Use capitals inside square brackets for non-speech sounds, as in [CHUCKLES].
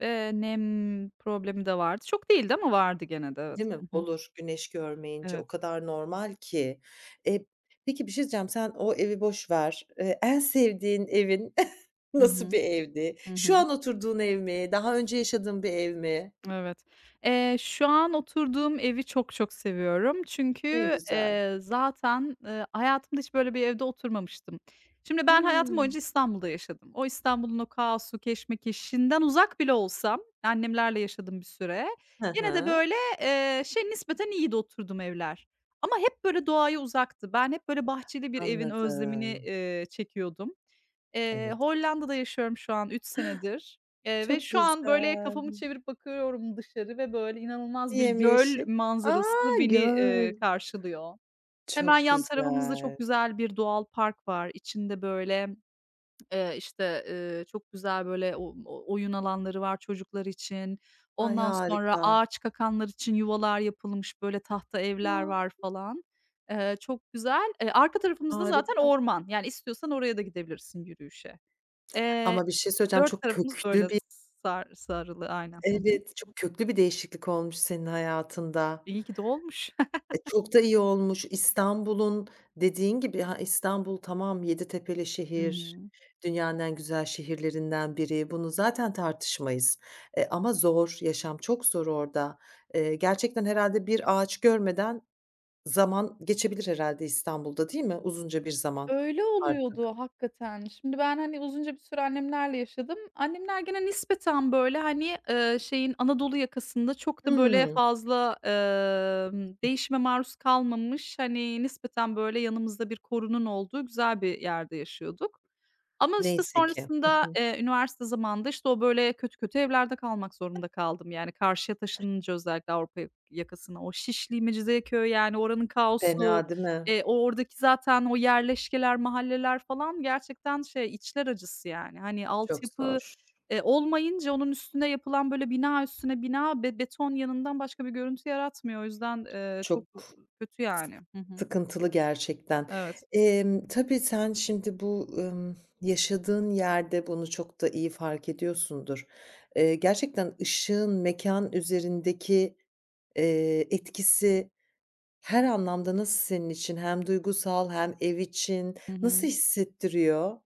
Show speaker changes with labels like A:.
A: Eee, nem problemi de vardı. Çok değildi ama vardı gene de evet.
B: Değil mi?
A: Hı hı.
B: Olur güneş görmeyince. O
A: Evet.
B: kadar normal ki. Eee, peki, bir şey diyeceğim. Sen o evi boş ver. Eee, en sevdiğin evin [CHUCKLES]
A: Hı
B: nasıl
A: hı.
B: bir evdi?
A: Hı
B: Şu
A: hı.
B: an oturduğun ev mi? Daha önce yaşadığın bir ev mi?
A: Evet. Eee, şu an oturduğum evi çok çok seviyorum.
B: Ne
A: Çünkü,
B: güzel.
A: eee, zaten, ııı, hayatımda hiç böyle bir evde oturmamıştım. Şimdi ben hayatım
B: Hıı.
A: boyunca İstanbul'da yaşadım. O İstanbul'un o kaosu keşmekeşinden uzak bile olsam, annemlerle yaşadım bir süre,
B: Hı
A: gene de,
B: hı.
A: böyle, eee, şey, nispeten iyiydi oturduğum evler. Ama hep, böyle, doğaya uzaktı. Ben hep, böyle, bahçeli bir evin özlemini,
B: Anladım.
A: eee, çekiyordum. Eee,
B: Evet.
A: Hollanda'da yaşıyorum şu an 3 senedir, eee, ve
B: Çok
A: şu an, böyle,
B: güzel.
A: kafamı çevirip bakıyorum dışarı ve, böyle, inanılmaz bir göl
B: Yemyeşil. A,
A: manzarası beni,
B: göl.
A: eee, karşılıyor. Hemen
B: Çok
A: yan tarafımızda
B: güzel.
A: çok güzel bir doğal park var. İçinde, böyle, [TSK] eee, işte, eee, çok güzel, böyle, o oyun alanları var çocuklar için.
B: Ay,
A: Ondan sonra
B: harika.
A: ağaçkakanlar için yuvalar yapılmış, böyle, tahta evler
B: Ya.
A: var falan. Eee, çok güzel. E, arka tarafımız da zaten
B: Harika.
A: orman. Yani, istiyorsan oraya da gidebilirsin yürüyüşe.
B: [SMACKS LIPS]
A: Eee,
B: Ama bir şey söyleyeceğim.
A: 4
B: Çok
A: tarafımız, böyle,
B: köklü bir
A: sar sarılı aynen. Hı hı.
B: Evet, çok köklü bir değişiklik olmuş senin hayatında.
A: İyi ki de olmuş.
B: E, çok da iyi
A: [CHUCKLES]
B: olmuş. İstanbul'un dediğin gibi ha İstanbul tamam 7 tepeli
A: Hı
B: şehir,
A: hı.
B: dünyanın en güzel şehirlerinden biri. Bunu zaten tartışmayız. E, ama zor, yaşam çok zor orada. Eee, gerçekten herhâlde bir ağaç görmeden zaman geçebilir herhâlde İstanbul'da değil mi uzunca bir zaman
A: Öyle
B: artık?
A: oluyordu hakikaten. Şimdi ben, hani, uzunca bir süre annemlerle yaşadım. Annemler gene nispeten, böyle, hani, eee, şeyin Anadolu yakasında çok da, böyle,
B: Hıı.
A: fazla, emm, değişime maruz kalmamış, hani, nispeten, böyle, yanımızda bir korunun olduğu güzel bir yerde yaşıyorduk. Ama, işte,
B: Neyse ki. Hı
A: sonrasında,
B: hı.
A: eee, üniversite zamanında, işte, o, böyle, kötü kötü evlerde kalmak zorunda kaldım. Yani, karşıya taşınınca özellikle Avrupa ya yakasına, o Şişli, Mecidiyeköy, yani, oranın kaosu,
B: Fena değil mi?
A: eee, o oradaki zaten o yerleşkeler, mahalleler falan gerçekten şey içler acısı yani. Hani,
B: Çok
A: altyapı
B: zor.
A: e, olmayınca onun üstüne yapılan böyle bina üstüne bina be beton yığınından başka bir görüntü yaratmıyor. O yüzden, ııı, çok
B: Çok s
A: kötü yani. Hı hı.
B: sıkıntılı gerçekten.
A: Evet.
B: Emm, tabii sen şimdi bu, ımm, yaşadığın yerde bunu çok da iyi fark ediyorsundur. Eee, gerçekten ışığın mekân üzerindeki, eee, etkisi her anlamda nasıl senin için hem duygusal hem ev için
A: Hı
B: nasıl
A: hı.
B: hissettiriyor?